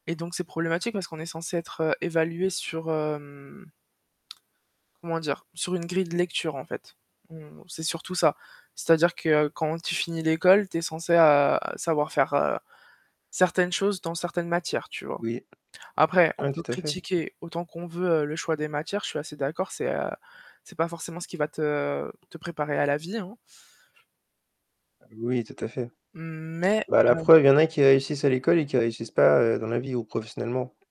Et donc c'est problématique parce qu'on est censé être, heu, évalués sur, hem comment dire? Sur une grille de lecture, en fait. Donc bon c'est surtout ça. C'est-à-dire que quand tu finis l'école, tu es censé, heu, savoir faire, heu, certaines choses dans certaines matières, tu vois? Oui. Après, on Ah, peut tout à fait. critiquer autant qu'on veut le choix des matières, je suis assez d'accord, c'est, heu, c'est pas forcément ce qui va te te préparer à la vie, hein Oui, tout à fait. mais, Bah, la heu preuve, il y en a qui réussissent à l'école et qui réussissent pas, heu, dans la vie ou professionnellement.